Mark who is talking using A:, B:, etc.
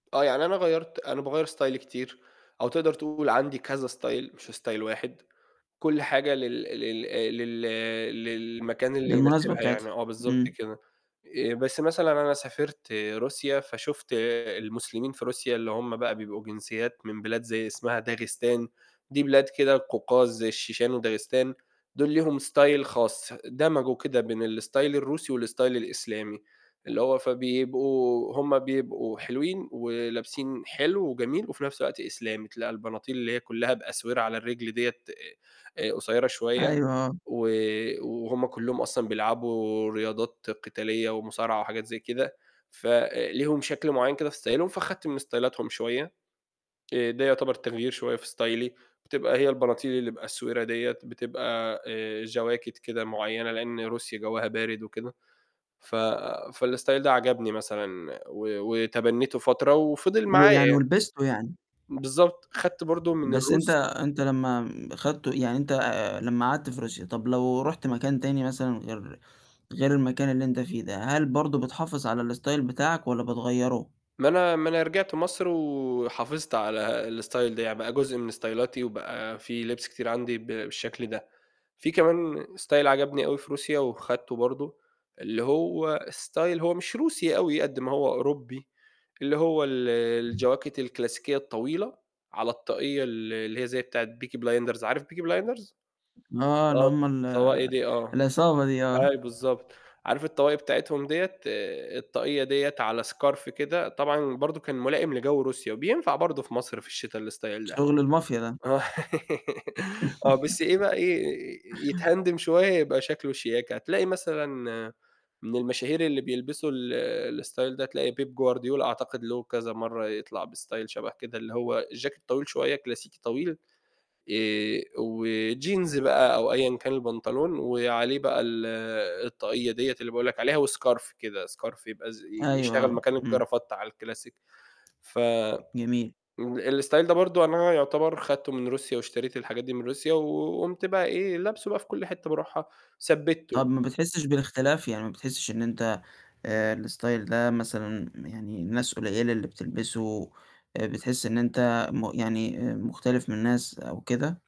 A: آه، يعني أنا غيّرت أنا باغيّر ستايلي كتير أو تقدر تقول عندي كذا style مش style واحد كُلّ حاجة لل لل آآ، لل للمكان اللي
B: للمناسبة
A: يناسبها
B: بتاعتها،
A: يعني آه بالضبط
B: امم.
A: كده، آآ، بس مثلًا أنا سافرت روسيا فشُفت المسلمين في روسيا، اللي هم بقى بيبقوا جنسيات من بلاد زي اسمها داغستان، دي بلاد كده قوقاز زي الشيشان وداغستان دول ليهم style خاص، دَمَجوا كده بين الstyle الروسي والstyle الإسلامي. اللي هو فبيبقوا هم بيبقوا حلوين، ولابسين حلو وجميل، وفي نفس الوقت إسلامي، تلاقى البناطيل اللي هي كُلّها بأسورة على الرِجْل دِيَّة آآ، قصيّرة شوية
B: أيوه، آه.
A: و وهم كلّهم أصلًا بيلعبوا رياضات قتالية ومصارعة وحاجات زي كده، فليهم شكل معيّن كده في ستايلهم فخدت من ستايلاتهم شوية، آآ، ده يعتبر تغيير شوية في ستايلي بتبقى هي البناطيل اللي بأسورة دِيَّة، آآ، بتبقى آآ، جواكت كده معيّنة لأن روسيا جوَّها بارد وكده ف فالstyle ده عَجَبني مثلًا و وتبنّيتُه فترة وفِضِل معايا
B: ويعني
A: يعني.
B: ولبسته يعني؟
A: بالضبط، خدت برضه من
B: بس أنت
A: الروس
B: أنت لمّا خدته يعني أنت لمّا قعدت في روسيا، طَب لو رُحت مكان تاني مثلًا غير غير المكان اللي أنت فيه ده، هل برضه بتحافظ على الstyle بتاعك والَّا بتغيّره؟
A: ما أنا ما أنا رجِعت مصر وحافظت على الstyle ده، يعني بقى جزء من ستايلاتي وبقى في لِبس كتير عندي ب بالشكل ده، في كمان style عجبني أوي في روسيا، وخدته برضه اللي هو style هو مش روسي أوي قد ما هو أوروبي، اللي هو ال الجواكت الكلاسيكية الطويلة، على الطاقية ال اللي هي زي بتاعة Peaky blinders عارف Peaky blinders؟
B: آه، اللي
A: آه،
B: هم ال
A: الطواقي دي آه،
B: العصابة دي، آه.
A: أيوه بالضبط، عارف الطواقي بتاعتهم دِيَّة الطاقية دِيَّة على scarf كده طبعًا برضه كان ملائم لجَوّ روسيا، وبينفع برضه في مصر في الشتا الstyle ده
B: شغل المافيا ده.
A: آه آه بس إيه بقى إيه يتهندم شوية يبقى شكله شياكة، هتلاقي مثلًا من المشاهير اللي بيلبسوا ال الstyle ده هتلاقي بيب غوارديولا، أعتقد له كذا مرّه يطلع بstyle شبه كده اللي هو الجاكيت طويل شوية كلاسيكي طويل، آآ، وjeans بقى أو أيًا كان البنطلون، وعليه بقى ال الطاقية دِيَّة اللي باقول لك عليها، وscarf كده scarf يبقى ز ي
B: أيوه،
A: يشتغل
B: آه،
A: مكان
B: امم.
A: الجرافتة على الكلاسيك ف
B: جميل.
A: ام الstyle ده برضه أنا يعتبر خدته من روسيا، واشتريت الحاجات دي من روسيا و وقُمْت بقى إيه، لابسُه بقى في كُلّ حتة بارُوحها، ثبتّته.
B: طَب ما بتحسّش بالاختلاف يعني ما بتحسّش إن أنت آآ، الstyle ده مثلًا يعني ناس قليلة اللي بتلبسُه، آآ، بتحِسّ إن أنت م يعني آآ، مختلف من ناس أو كده؟